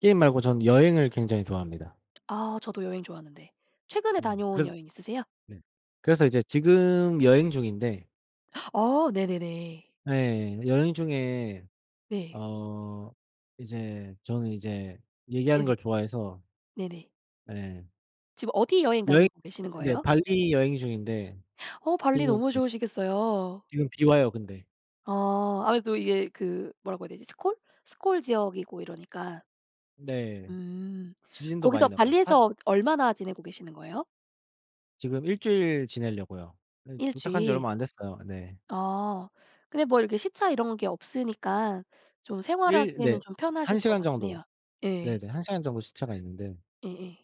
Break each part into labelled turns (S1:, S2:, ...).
S1: 게임 말고 전 여행을 굉장히 좋아합니다.
S2: 아 저도 여행 좋아하는데, 최근에
S1: 음
S2: 다녀온
S1: 그래서
S2: 여행 있으세요?
S1: 네 그래서 이제 지금 여행 중인데
S2: 어 네네네.
S1: 네. 여행 중에
S2: 네.
S1: 어 이제 저는 이제 얘기하는
S2: 네네.
S1: 걸 좋아해서
S2: 네네.
S1: 네.
S2: 지금 어디 여행
S1: 여행
S2: 다니고 계시는
S1: 네
S2: 거예요?
S1: 발리 여행 중인데
S2: 어 발리 너무
S1: [unintelligible]
S2: 좋으시겠어요.
S1: 지금 비 와요 근데.
S2: 어. 아무래도 이게 그 뭐라고 해야 되지? 스콜 스콜 지역이고 이러니까.
S1: 네.
S2: 음.
S1: 지진도 많이
S2: 거기서
S1: 나고. 한
S2: 발리에서 얼마나 지내고 계시는 거예요?
S1: 지금 1 주일 지내려고요. 예
S2: 1
S1: 도착한 지
S2: 주일.
S1: 얼마 안 됐어요. 네.
S2: 아. 근데 뭐 이렇게 시차 이런 게 없으니까 좀
S1: 일
S2: 생활하기에는
S1: 네
S2: 좀 편하실
S1: 1
S2: 것
S1: 시간
S2: 같긴
S1: 정도.
S2: 해요. 예.
S1: 네네. 1 시간 정도 시차가 있는데
S2: 예예.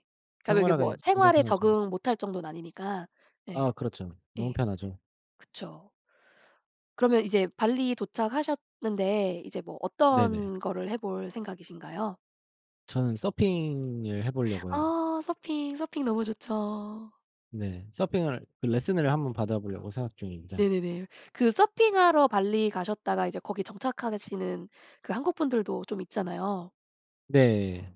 S2: 그러니까 이게 뭐
S1: 생활하기 굉장히
S2: 생활에
S1: 편하죠.
S2: 적응 못할 정도는 아니니까.
S1: 아
S2: 예.
S1: 그렇죠. 너무
S2: 예.
S1: 편하죠.
S2: 그쵸. 그러면 이제 발리 도착하셨는데 이제 뭐
S1: 네네.
S2: 어떤 거를 해볼 생각이신가요?
S1: 저는 서핑을 해보려고요.
S2: 아 서핑, 서핑 너무 좋죠.
S1: 네. 서핑을 그 레슨을 1 번 받아보려고 생각 중입니다.
S2: 네네네. 그 서핑하러 발리 가셨다가 이제 거기 정착하시는 그 한국분들도 좀 있잖아요.
S1: 네.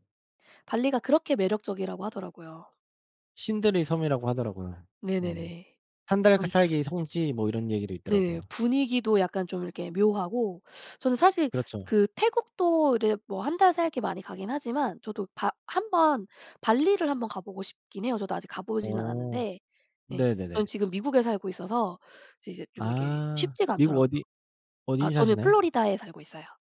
S2: 발리가 그렇게 매력적이라고 하더라고요.
S1: 신들의 섬이라고 하더라고요. 네.
S2: 네네네.
S1: 1 달 그
S2: 좀
S1: 살기 성지 뭐 이런 얘기도
S2: 네.
S1: 있더라고요.
S2: 분위기도 약간 좀 이렇게 묘하고 저는 사실
S1: 그렇죠.
S2: 그 태국도 이제 뭐 1 달 살기 많이 가긴 하지만 저도 바 1 번 발리를 1 번 가 보고 싶긴 해요. 저도 아직 가 보진
S1: 어.
S2: 않았는데 예. 저는
S1: 네네네.
S2: 지금 미국에 살고 있어서 이제, 이제 좀 이게
S1: 아
S2: 쉽지가
S1: 미국
S2: 않더라고요.
S1: 어디
S2: 아
S1: 어디
S2: 저는
S1: 사시나요?
S2: 플로리다에 살고 있어요.